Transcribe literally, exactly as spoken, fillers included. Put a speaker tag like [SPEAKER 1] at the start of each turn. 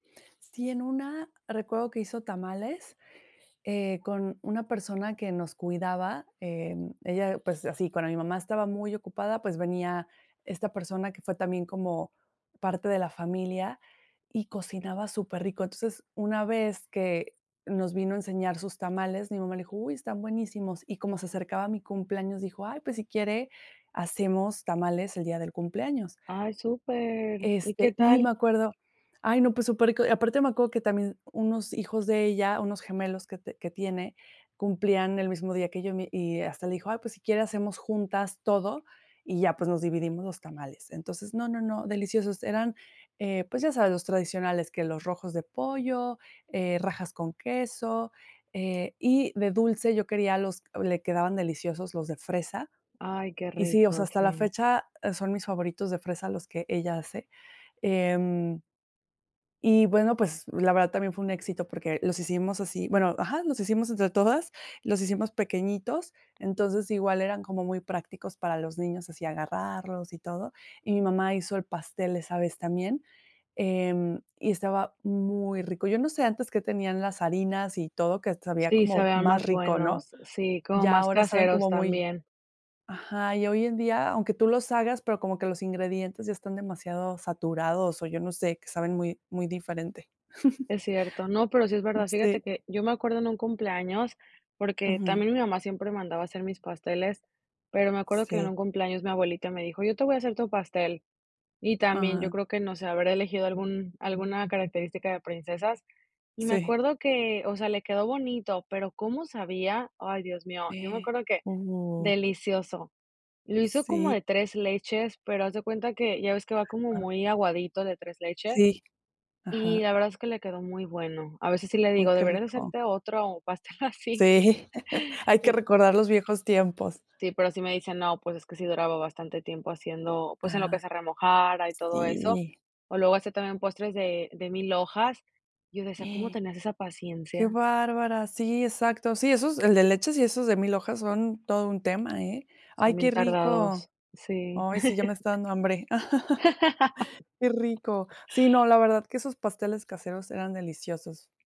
[SPEAKER 1] Sí, en una recuerdo que hizo tamales, eh, con una persona que nos cuidaba. Em, ella, pues, así, cuando mi mamá estaba muy ocupada, pues venía esta persona que fue también como parte de la familia, y cocinaba superrico. Entonces, una vez que nos vino a enseñar sus tamales, mi mamá le dijo: "Uy, están buenísimos". Y como se acercaba a mi cumpleaños, dijo: "Ay, pues, si quiere, hacemos tamales el día del cumpleaños".
[SPEAKER 2] Ay, ¡súper! ¿Y qué
[SPEAKER 1] Este, y me
[SPEAKER 2] tal?
[SPEAKER 1] acuerdo ay, no, pues, superrico. Aparte me acuerdo que también unos hijos de ella, unos gemelos que te que tiene, cumplían el mismo día que yo. Mi y hasta le dijo: "Ay, pues, si quiere, hacemos juntas todo, y ya, pues, nos dividimos los tamales". Entonces, no, no, no, deliciosos eran, eh, pues ya sabes, los tradicionales, que los rojos de pollo, eh, rajas con queso, eh, y de dulce. Yo quería los le quedaban deliciosos los de fresa.
[SPEAKER 2] Ay, qué
[SPEAKER 1] Y sí, o sea,
[SPEAKER 2] rico.
[SPEAKER 1] hasta la
[SPEAKER 2] Sí.
[SPEAKER 1] fecha, e son mis favoritos de fresa los que ella hace, em y bueno, pues, la verdad también fue un éxito porque los hicimos así, bueno, ajá, los hicimos entre todas. Los hicimos pequeñitos. Entonces igual eran como muy prácticos para los niños, así agarrarlos y todo. Y mi mamá hizo el pastel, esa vez también. Em, y estaba muy rico. Yo no sé antes que tenían las harinas y todo, que sabía
[SPEAKER 2] Sí,
[SPEAKER 1] como
[SPEAKER 2] sabían
[SPEAKER 1] más
[SPEAKER 2] más
[SPEAKER 1] rico, ¿no?
[SPEAKER 2] buenos sí, como
[SPEAKER 1] Ya
[SPEAKER 2] más
[SPEAKER 1] ahora saben
[SPEAKER 2] caseros
[SPEAKER 1] como muy
[SPEAKER 2] también.
[SPEAKER 1] ajá. Y hoy en día, aunque tú los hagas, pero como que los ingredientes ya están demasiado saturados, o, yo no sé, que saben muy muy diferente.
[SPEAKER 2] Es cierto. No, pero sí es
[SPEAKER 1] Mm,
[SPEAKER 2] verdad. Fíjate
[SPEAKER 1] sí.
[SPEAKER 2] que yo me acuerdo en un cumpleaños, porque
[SPEAKER 1] Ujú.
[SPEAKER 2] también mi mamá siempre mandaba a hacer mis pasteles, pero me acuerdo que en
[SPEAKER 1] Sí.
[SPEAKER 2] un cumpleaños mi abuelita me dijo: "Yo te voy a hacer tu pastel". Y también yo
[SPEAKER 1] Ah.
[SPEAKER 2] creo que no sé, habré elegido algún alguna característica de princesas. Y me
[SPEAKER 1] Sí.
[SPEAKER 2] acuerdo que, o sea, le quedó bonito, pero, ¿cómo sabía? Ay, Dios mío, yo me
[SPEAKER 1] E
[SPEAKER 2] acuerdo que
[SPEAKER 1] hubo
[SPEAKER 2] delicioso. Lo hizo como
[SPEAKER 1] Sí.
[SPEAKER 2] de tres leches, pero haz de cuenta que ya ves que va como
[SPEAKER 1] [unintelligible]
[SPEAKER 2] muy aguadito de tres leches.
[SPEAKER 1] Sí.
[SPEAKER 2] Y
[SPEAKER 1] Ajá.
[SPEAKER 2] la verdad es que le quedó muy bueno. A veces sí le
[SPEAKER 1] Uh,
[SPEAKER 2] digo:
[SPEAKER 1] qué
[SPEAKER 2] "Deberías
[SPEAKER 1] rico.
[SPEAKER 2] hacerte otro pastel así".
[SPEAKER 1] Sí, hay que recordar los viejos tiempos.
[SPEAKER 2] Sí, pero sí me dice no, pues es que sí duraba bastante tiempo haciendo, pues, en lo que
[SPEAKER 1] Ah. Sí.
[SPEAKER 2] se remojara y
[SPEAKER 1] Ah.
[SPEAKER 2] todo eso.
[SPEAKER 1] Sí.
[SPEAKER 2] O luego hacía también postres de de milhojas. Yo decía: "¿Cómo tenías esa
[SPEAKER 1] ¡Qué
[SPEAKER 2] paciencia?".
[SPEAKER 1] bárbara!. Sí, exacto. Sí, esos, el de leches y esos de milhojas son todo un tema, ¿eh? Ay,
[SPEAKER 2] Son
[SPEAKER 1] qué
[SPEAKER 2] bien
[SPEAKER 1] rico.
[SPEAKER 2] tardados. Sí.
[SPEAKER 1] Ay, sí, ya me está dando hambre. ¡Qué rico! Sí, no, la verdad que esos pasteles caseros eran deliciosos.